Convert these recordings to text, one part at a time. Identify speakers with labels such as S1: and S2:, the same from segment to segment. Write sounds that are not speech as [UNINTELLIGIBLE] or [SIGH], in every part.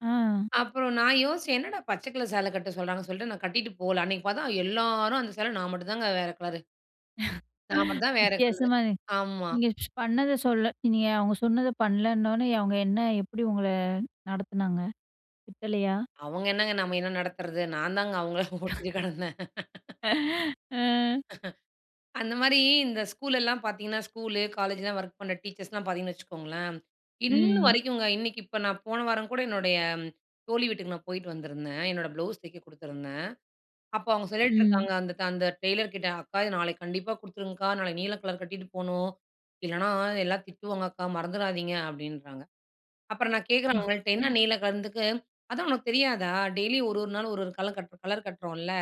S1: அ.
S2: அப்பறம் நான் யோசிச்சேன், என்னடா பச்சை கலர் சேலை கட்ட சொல்றாங்கன்னு சொல்லிட்டு, நான் கட்டிட்டு போகல. அன்னைக்கு பார்த்தா எல்லாரும் அந்த சேல, நான் மட்டும் தாங்க வேற கலரு. நான்
S1: [LAUGHS]
S2: மட்டும் தான் வேற கலரு.
S1: வித்தியாசமா
S2: ஆமா.
S1: நீங்க பண்ணத சொல்ல நீங்க அவங்க சொன்னதை பண்ணலன்னோனே, அவங்க என்ன எப்படி உங்கள நடத்துனாங்க? திட்டலையா?
S2: அவங்க என்னங்க நம்ம என்ன நடத்துறது? நான் தாங்க அவங்கள ஓட்டிகிட்டு
S1: [CHUCKLES]
S2: கெடந்தேன்.
S1: [LAUGHS] அ.
S2: [LAUGHS] அந்த மாரி இந்த ஸ்கூல் எல்லாம் பார்த்தீங்கன்னா, ஸ்கூலு காலேஜ்லாம் ஒர்க் பண்ணுற டீச்சர்ஸ்லாம் பார்த்தீங்கன்னு வச்சுக்கோங்களேன், இன்ன
S1: ம்.
S2: வரைக்குங்க, இன்னைக்கு இப்ப நான் போன வாரம் கூட என்னுடைய தோழி வீட்டுக்கு நான் போயிட்டு வந்திருந்தேன். என்னோட ப்ளவுஸ் தைக்க குடுத்துருந்தேன். அப்போ அவங்க
S1: ம்.
S2: சொல்லிட்டுருக்காங்க அந்த ட் அந்த டெய்லர் கிட்ட, "அக்கா! இத நாளைக்கு கண்டிப்பா குடுத்துருங்கக்கா. நாளைக்கு நீல கலர் கட்டிட்டு போகணும், இல்லைன்னா எல்லாம் திட்டுவாங்க அக்கா, மறந்துடாதீங்க." அப்படீன்றாங்க. அப்பறம் நான் கேட்குறேன் அவுங்கள்ட்ட, என்ன
S1: [UNINTELLIGIBLE]
S2: நீல கலர்ன்னதுக்கு, "அதான் உனக்கு தெரியாதா? டெய்லியும் 1 1 நாள் 1 1 கலர் கட் கலர் கட்டுறோம்ல்ல,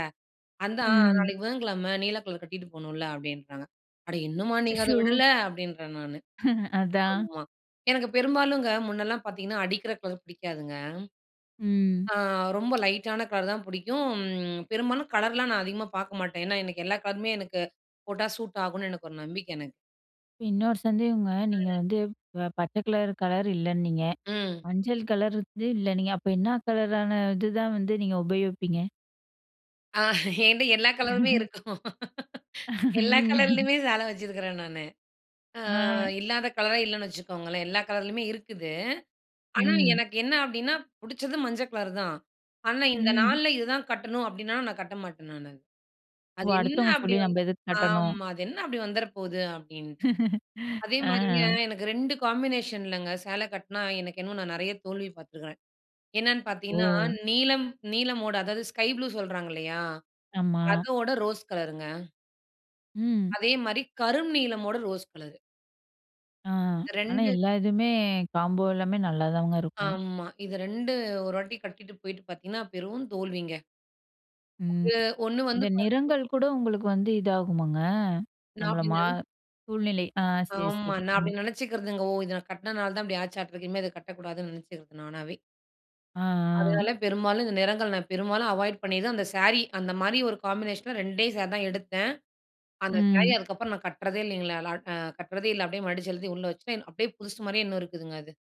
S2: அதான்
S1: ம்.
S2: நாளைக்கு புதன்கிழமை நீல கலர் கட்டிட்டு போணும்ல்ல." அப்படீன்றாங்க. "அட இன்னுமா நீங்க அத
S1: அச்சச்சோ!
S2: விடல?" அப்படீன்றேன் நானு.
S1: [LAUGHS] அதான்.
S2: ஆமா. எனக்கு பெரும்பாலுங்க முன்னல்லாம் பார்த்தீங்கன்னா, அடிக்கிற கலர் பிடிக்காதுங்க.
S1: ம்.
S2: ஆ ரொம்ப லைட்டான கலர் தான் புடிக்கும். பெரும்பாலும் கலர்லாம் நான் அதிகமா பார்க்க மாட்டேன். ஏன்னா, எனக்கு எல்லா கலருமே எனக்கு போட்டா சூட் ஆகுன்னு, எனக்கு ஒரு நம்பிக்கை எனக்கு.
S1: இன்னொரு சந்தேகங்க, நீங்க
S2: [UNINTELLIGIBLE]
S1: வந்து ப பச்சை கலர் கலர் இல்லைன்னீங்க,
S2: ம்.
S1: மஞ்சள் கலர் வந்து இல்லைன்னீங்க, அப்ப என்னா கலரான இது தான் வந்து நீங்க உபயோகிப்பீங்க?
S2: அ என்ட்ட எல்லா கலருமே
S1: [LAUGHS]
S2: இருக்கும். எல்லா
S1: ம்.
S2: கலர்லேயுமே சேலை வச்சிருக்கிறேன் நானு. அ
S1: அ.
S2: இல்லாத கலரே இல்லைன்னு வச்சுக்கோங்களேன், எல்லா கலர்லேயுமே இருக்குது. ஆனா
S1: ம்.
S2: எனக்கு என்ன அப்படீன்னா, புடிச்சது மஞ்ச கலர் தான். ஆனா, "இந்த
S1: ம்.
S2: நாள்ல இதுதான் கட்டணும்." அப்படீன்னா, நான் கட்ட மாட்டேன் நானு.
S1: ஓ!
S2: அது என்ன
S1: அடுத்தவங்க
S2: அப்படி
S1: சொல்லி
S2: வந்து
S1: நம்ப எதுக்கு கட்டணும்?
S2: ஆமா. "அது என்ன அப்படி வந்துற போகுது?" அப்படீன்ட்டு.
S1: [LAUGHS]
S2: அதே மாரிங்க,
S1: அ.
S2: எனக்கு 2 காம்பினேஷன்லங்க, சேலை கட்டினா எனக்கு இன்னும் நான் நெறைய தோல்வி பார்த்துருக்கிறேன். என்னன்னு பார்த்தீங்கன்னா,
S1: ஓ!
S2: நீலம் நீலமோட அதாவது ஸ்கை ப்ளூ சொல்றாங்க இல்லையா?
S1: ஆமா.
S2: அதோட ரோஸ் கலருங்க.
S1: ம்.
S2: அதே மாரி கரும் நீலமோட ரோஸ் கலரு.
S1: ஆ.
S2: இது
S1: ஆனா
S2: 2
S1: எல்லா இதுவுமே, காம்போ எல்லாமே நல்லாதாங்க இருக்கும்.
S2: ஆமா. இது 2 ஒரு வாட்டி கட்டிட்டு போயிட்டு பார்த்தீங்கன்னா, பெரும் தோல்விங்க.
S1: ம்.
S2: [UNINTELLIGIBLE] ஒண்ணு வந்து
S1: இந்த
S2: பார்த்தீ
S1: நிறங்கள் கூட உங்களுக்கு வந்து இதாகுமாங்க?
S2: நா
S1: நம்மள
S2: அப்படி
S1: மா
S2: நென
S1: சூழ்நிலை. ஆ சரி,
S2: ஆமா.
S1: சரி.
S2: நா
S1: ம்.
S2: அப்படி நெனைச்சுக்கிறதுங்க. ஓ! இத நா கட்டினதுனால தான் இப்படி ஆச்சாட்டுருக்கு, இனிமே இத கட்டக்கூடாதுன்னு நெனைச்சிக்கிறது நானாவே.
S1: ஆ. ஆ.
S2: அதனால பெரும்பாலும் இந்த நிறங்கள், நான் பெரும்பாலும் அவாய்ட் பண்ணிதான், அந்த சாரி அந்த மாரி ஒரு காம்பினேஷன்ல 2ஏ சாரி தான் எடுத்தேன், அந்த சாரீ
S1: ம்.
S2: அதுக்கப்புறம் நான் கட்டுறதே இல்லைங்களேலா க் கட்டுறதே இல்ல, அப்படியே மடிச்சு எழுதி உள்ள வச்சுட்டேன். அப்படியே புதுசு மாரியே இன்னும் இருக்குதுங்க அது.